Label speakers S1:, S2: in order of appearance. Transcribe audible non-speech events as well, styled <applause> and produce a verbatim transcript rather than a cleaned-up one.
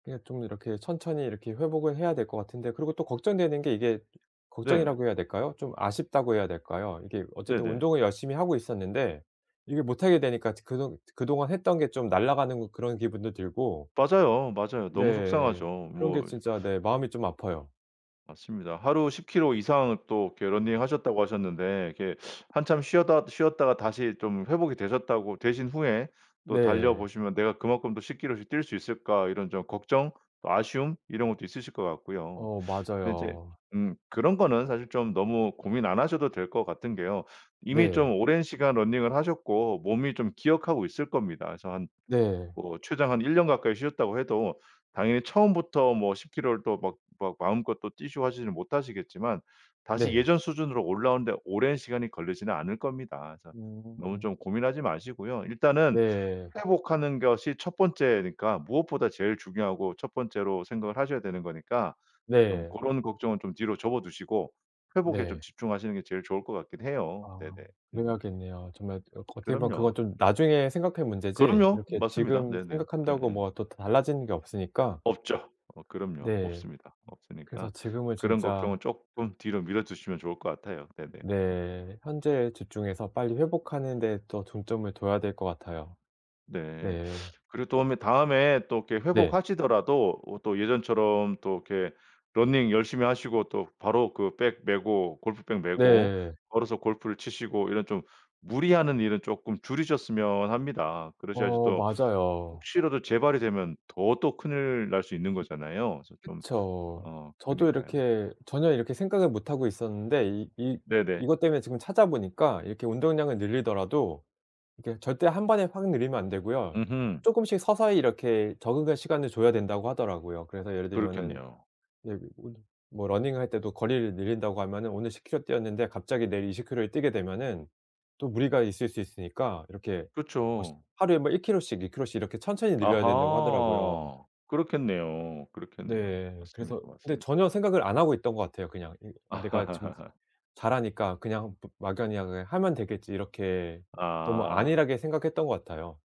S1: 그냥 좀 이렇게 천천히 이렇게 회복을 해야 될 것 같은데 그리고 또 걱정되는 게 이게
S2: 네.
S1: 걱정이라고 해야 될까요? 좀 아쉽다고 해야 될까요? 이게 어쨌든
S2: 네네.
S1: 운동을 열심히 하고 있었는데 이게 못 하게 되니까 이제 그동 그동안 했던 게 좀 날아가는 그런 기분도 들고
S2: 맞아요. 맞아요. 너무 속상하죠.
S1: 네. 그런 게
S2: 뭐
S1: 진짜 네 마음이 좀 아파요.
S2: 맞습니다. 하루 십 킬로 이상 또 이렇게 러닝 하셨다고 하셨는데 이렇게 한참 쉬었다 쉬었다가 다시 좀 회복이 되셨다고 되신 후에 또 달려
S1: 네.
S2: 보시면 '내가 그만큼 또 십 킬로씩 뛸 수 있을까?' 이런 좀 걱정 또 아쉬움 이런 것도 있으실 것 같고요.
S1: 어
S2: 근데 이제
S1: 맞아요.
S2: 음 그런 거는 사실 좀 너무 고민 안 하셔도 될 것 같은 게요. 이미
S1: 네.
S2: 좀 오랜 시간 러닝을 하셨고 몸이 좀 기억하고 있을 겁니다. 그래서 한
S1: 네.
S2: 뭐 최장 한 일 년 가까이 쉬셨다고 해도 당연히 처음부터 뭐 십 킬로를 또 막 막 마음껏 또 뛰시고 하지는 못하시겠지만 다시
S1: 네.
S2: 예전 수준으로 올라오는데 오랜 시간이 걸리지는 않을 겁니다. 자 너무
S1: 음.
S2: 좀 고민하지 마시고요. 일단은
S1: 네.
S2: 회복하는 것이 첫 번째니까 무엇보다 제일 중요하고 첫 번째로 생각을 하셔야 되는 거니까 좀
S1: 네.
S2: 고런 걱정은 좀 뒤로 접어 두시고 회복에 좀
S1: 네.
S2: 집중하시는 게 제일 좋을 것 같긴 해요.
S1: 아
S2: 네네. 음.
S1: 그래야겠네요. 정말 그 어떻게 보면
S2: 그럼요.
S1: 그건 좀 나중에 생각할 문제지
S2: 그럼요.
S1: 이렇게
S2: 맞습니다.
S1: 지금
S2: 네네.
S1: 생각한다고
S2: 예예.
S1: 뭐가 또 달라지는 게 없으니까.
S2: 없죠. 어 그럼요.
S1: 네.
S2: 없습니다.
S1: 그래서
S2: 없으니까
S1: 지금은
S2: 그런
S1: 진짜
S2: 걱정은 쪼끔 뒤로 미뤄 두시면 좋을 것 같아요. 네네.
S1: 네. 현재에 집중해서 빨리 회복하는 데 더 중점을 둬야 될 것 같아요.
S2: 네.
S1: 네.
S2: 그리고 도음에 다음에 또 이렇게
S1: 네.
S2: 회복하시더라도 어 또 예전처럼 또 이렇게 러닝 열심히 하시고 또 바로 그 백 메고 골프백 메고
S1: 네.
S2: 걸어서 골프를 치시고 이런 좀 무리하는 일은 쪼끔 줄이셨으면 합니다. 그러셔야지
S1: 어
S2: 또
S1: 맞아요.
S2: 혹시라도 재발이 되면 더 또 큰일 날 수 있는 거잖아요. 그래서 좀
S1: 그쵸.
S2: 어
S1: 저도
S2: 그니까요.
S1: 이렇게 전혀 이렇게 생각을 못 하고 있었는데 이 이
S2: 네네.
S1: 이것 때문에 지금 찾아보니까 이렇게 운동량을 늘리더라도 이렇게 절대 한 번에 확 늘리면 안 되고요.
S2: 음흠.
S1: 쪼끔씩 서서히 이렇게 적응할 시간을 줘야 된다고 하더라고요. 그래서 예를 들면은
S2: 그렇겠네요.
S1: 예 뭐 뭐 러닝할 때도 거리를 늘린다고 하면은 오늘 십 킬로 뛰었는데 갑자기 내일 이십 킬로를 뛰게 되면은 또 무리가 있을 수 있으니까 이렇게 뭐 시
S2: 그쵸.
S1: 하루에 뭐 일 킬로씩 이 킬로씩 이렇게 천천히 늘려야 된다고 하더라고요.
S2: 아하. 그렇겠네요, 그렇겠네요.
S1: 네.
S2: 맞습니다,
S1: 그래서 근데
S2: 맞습니다.
S1: 전혀 생각을 안 하고 있던 것 같아요, 그냥. 이 내가 지금
S2: <laughs>
S1: 잘하니까 그냥 마 막연히 '그냥 하면 되겠지.' 이렇게 너무
S2: 아.
S1: 안일하게 생각했던 것 같아요.